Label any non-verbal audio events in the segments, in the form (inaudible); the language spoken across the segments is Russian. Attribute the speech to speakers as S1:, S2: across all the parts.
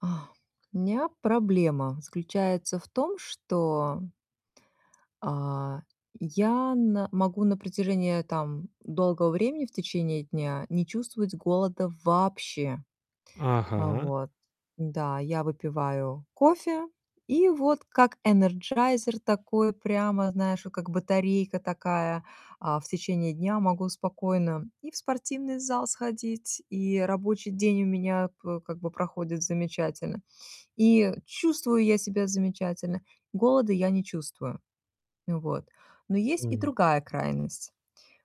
S1: (sighs) А, у меня проблема заключается в том, что а, я на могу на протяжении, там, долгого времени в течение дня не чувствовать голода вообще. А
S2: Ага.
S1: вот, да, я выпиваю кофе и вот, как энерджайзер такой прямо, знаешь, как батарейка такая, а, в течение дня могу спокойно и в спортивный зал сходить, и рабочий день у меня п как бы проходит замечательно, и чувствую я себя замечательно. Голода я не чувствую, вот. Но есть и
S2: М.
S1: другая крайность.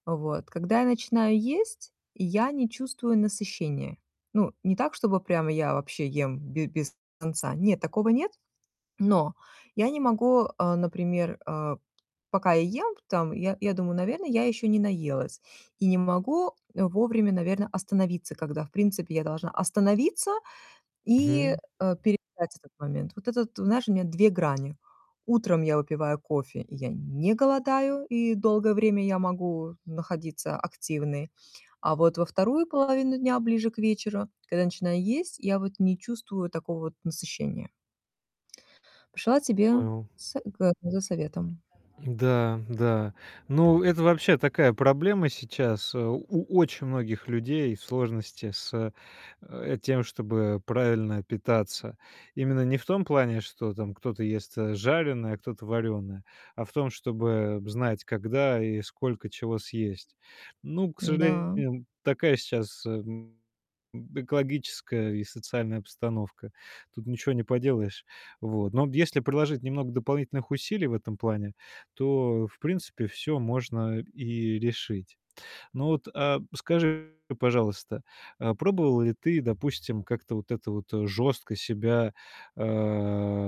S1: Вот, когда я начинаю есть, я не чувствую насыщения. Ну, не так, чтобы прямо я вообще ем б без конца, нет, такого нет, но я не могу, а, например, а, пока я ем, там, я я думаю, наверное, я еще не наелась и не могу, э, вовремя, наверно, остановиться, когда, в принципе, я должна остановиться, и,
S2: Мгм.
S1: э, переждать этот момент. Вот это вот, знаешь, у меня 2 грани. Утром я выпиваю кофе, я не голодаю, и долгое время я могу находиться активной, а вот во 2 половину дня, ближе к вечеру, когда начинаю есть, я вот не чувствую вот такого вот насыщения. Пришла тебе
S2: Понял.
S1: с г за советом.
S2: Да, да. Ну, это вообще такая проблема сейчас. Э, у у очень многих людей сложности с, э, тем, чтобы правильно питаться. Именно не в том плане, что там кто-то ест, э, жареное, а кто-то варёное, а в том, чтобы знать, когда и сколько чего съесть. Ну, к
S1: Н-да.
S2: сожалению, такая сейчас, эм, экологическая и социальная постановка. Тут ничего не поделаешь, вот. Но вот если приложить немного дополнительных усилий в этом плане, то, в принципе, всё можно и решить. Ну вот, э, скажи, пожалуйста, э, пробовала ли ты, допустим, как-то вот это вот жёстко себя, э,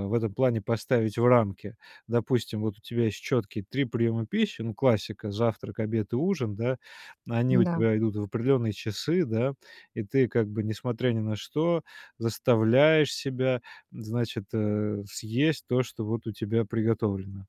S2: в этом плане поставить в рамки? Допустим, вот у тебя есть чёткие 3 приёма пищи, ну, классика- завтрак, обед и ужин, да? Они у
S1: Н-да.
S2: тебя идут в определённые часы, да? И ты как бы, несмотря ни на что, заставляешь себя, значит, э, съесть то, что вот у тебя приготовлено.